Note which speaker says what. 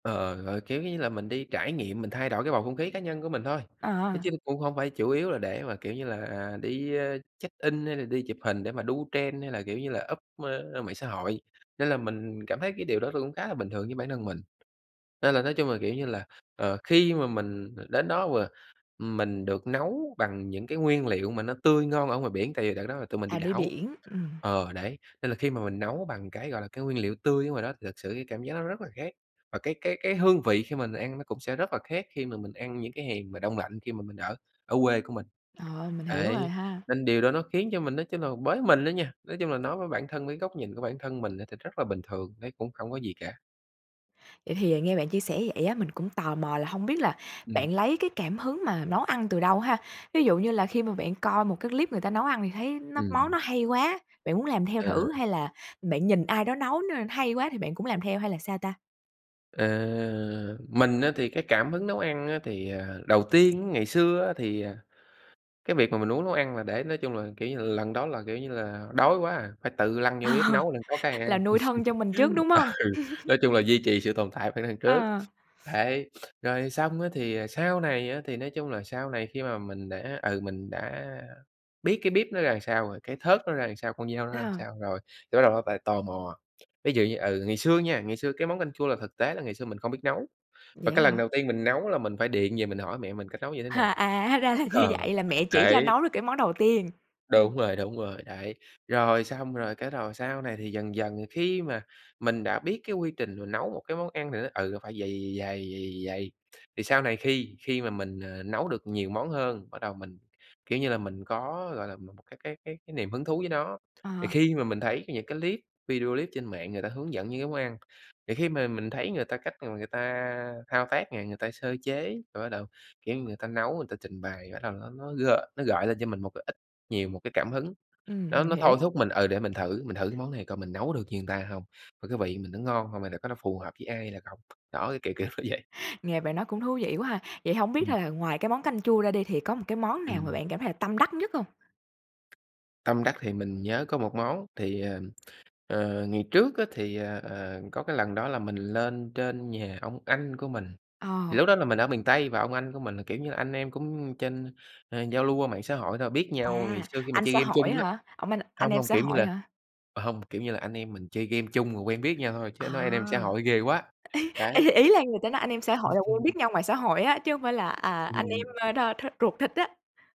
Speaker 1: Ờ, ờ, gọi, kiểu như là mình đi trải nghiệm, mình thay đổi cái bầu không khí cá nhân của mình thôi, nói chứ
Speaker 2: À.
Speaker 1: cũng hông phải chủ yếu là để mà, kiểu như là, à, đi, ơ, check in hay là đi chụp hình để mà đu trend hay là, kiểu như là, up mạng xã hội. Nên là mình cảm thấy cái điều đó tôi cũng khá là bình thường với bản thân mình. Nên là nói chung là, kiểu như là, ờ, khi mà mình đến đó và mình được nấu bằng những cái nguyên liệu mà nó tươi ngon ở ngoài biển tại vì đợt đó là tụi mình đi
Speaker 2: À, đi
Speaker 1: đảo
Speaker 2: biển, ừm.
Speaker 1: ờ, đấy, nên là khi mà mình nấu bằng cái, gọi là, cái nguyên liệu tươi ở ngoài đó thì thực sự cái cảm giác nó rất là khác. Và cái cái cái hương vị khi mình ăn nó cũng sẽ rất là khác khi mà mình ăn những cái hàng mà đông lạnh, khi mà mình ở ở quê của mình.
Speaker 2: Ờ, mình hiểu rồi
Speaker 1: Ấy,
Speaker 2: ha.
Speaker 1: nên điều đó nó khiến cho mình nói chung là, bới mình á nha nói chung là nói với bản thân với góc nhìn của bản thân mình á thì rất là bình thường, thấy cũng hổng có gì cả.
Speaker 2: Vậy thì nghe bạn chia sẻ vậy á, mình cũng tò mò là hông biết là
Speaker 1: Ừm.
Speaker 2: bạn lấy cái cảm hứng mà nấu ăn từ đâu ha? Ví dụ như là khi mà bạn coi một cái clip người ta nấu ăn thì thấy nó
Speaker 1: Ừm.
Speaker 2: món nó hay quá, bạn muốn làm theo
Speaker 1: Ờ.
Speaker 2: thử hay là bạn nhìn ai đó nấu n hay quá thì bạn cũng làm theo, hay là sao ta?
Speaker 1: Ờ, mình á thì cái cảm hứng nấu ăn thì, ờ, đầu tiên, ngày xưa á thì, à, cái việc mà mình muốn nấu ăn là để nói chung là, kiểu như là, lần đó là, kiểu như là, đói quá à, phải tự lăn vô bếp
Speaker 2: Ờ,
Speaker 1: nấu đặng có cái ăn.
Speaker 2: là nuôi thân cho mình trước, đúng hông?
Speaker 1: Ừ, nói chung là duy trì sự tồn tại phải nấu ăn trước.
Speaker 2: Ờ.
Speaker 1: Đấy, rồi xong á thì sau này á, thì nói chung là sau này khi mà mình đã, ừ, mình đã biết cái bếp nó ra làm sao rồi, cái thớt nó ra làm sao, con dao nó ra
Speaker 2: À.
Speaker 1: sao rồi, thì bắt đầu nó lại tò mò. Ví dụ như, ừ, ngày xưa nha, ngày xưa cái món canh chua là thực tế là ngày xưa mình không biết nấu, và
Speaker 2: Vậy
Speaker 1: cái
Speaker 2: á
Speaker 1: lần
Speaker 2: hả?
Speaker 1: đầu tiên mình nấu là mình phải điện về mình hỏi mẹ mình cách nấu như thế nào.
Speaker 2: À, hóa ra là như
Speaker 1: Ờ,
Speaker 2: vậy! Là mẹ chỉ cho
Speaker 1: đấy!
Speaker 2: nấu được cái món đầu tiên?
Speaker 1: Đúng rồi, đúng rồi. Đấy, rồi xong, rồi cái đầu sau này thì dần dần khi mà mình đã biết cái quy trình rồi, nấu một cái món ăn thì nó, ừ, phải vầy, vầy, vầy, vầy, vầy, vầy, vầy, vầy. Thì sau này khi khi mà mình, ờ, nấu được nhiều món hơn, bắt đầu mình, kiểu như là, mình có, gọi là, một cái cái cái cái niềm hứng thú với nó. Thì
Speaker 2: Ờ.
Speaker 1: khi mà mình thấy những cái clip video clip trên mạng người ta hướng dẫn những cái món ăn, thì khi mà mình thấy người ta cách mà người ta thao tác này, người ta sơ chế rồi bắt đầu, kiểu như, người ta nấu, người ta trình bày, bắt đầu nó nó g nó gợi lên cho mình một cái ít nhiều một cái cảm hứng.
Speaker 2: Ừm,
Speaker 1: Đó,
Speaker 2: mình
Speaker 1: nó thôi
Speaker 2: hiểu.
Speaker 1: thúc mình ừ, để mình thử mình thử cái món này coi mình nấu được như người ta hông và cái vị mình nó ngon hông, hay là có nó phù hợp với ai hay là không. Đó, cái kiểu, kiểu nó vậy.
Speaker 2: Nghe bạn nói cũng thú vị quá ha. Vậy hổng biết
Speaker 1: Ừm.
Speaker 2: là ngoài cái món canh chua ra đi thì có một cái món nào mà
Speaker 1: Ừm.
Speaker 2: bạn cảm thấy là tâm đắc nhất hông?
Speaker 1: Tâm đắc thì mình nhớ có một món, thì, ừm, ờ, ngày trước á thì, ờ, ờ, có cái lần đó là mình lên trên nhà ông anh của mình. Thì
Speaker 2: Ờ.
Speaker 1: lúc đó là mình ở miền Tây và ông anh của mình là, kiểu như là, anh em cũng trên ờ, giao lưu qua mạng xã hội thôi, biết nhau ngày
Speaker 2: À,
Speaker 1: xưa khi mà
Speaker 2: anh
Speaker 1: chơi
Speaker 2: xã
Speaker 1: game
Speaker 2: hội
Speaker 1: chung
Speaker 2: á
Speaker 1: á
Speaker 2: hả? Ủa mà anh
Speaker 1: hông,
Speaker 2: em
Speaker 1: hông,
Speaker 2: xã
Speaker 1: kiểu như
Speaker 2: hội
Speaker 1: là
Speaker 2: hả?
Speaker 1: ờ, hông, kiểu như là anh em mình chơi game chung rồi quen biết nhau thôi.
Speaker 2: À,
Speaker 1: Chứ nói anh em xã hội ghê quá, đấy!
Speaker 2: ý ý ý là người ta nói anh em xã hội là quen biết nhau ngoài xã hội á, chứ hông phải là, à, anh
Speaker 1: Ừm.
Speaker 2: em đa th ruột thịt á.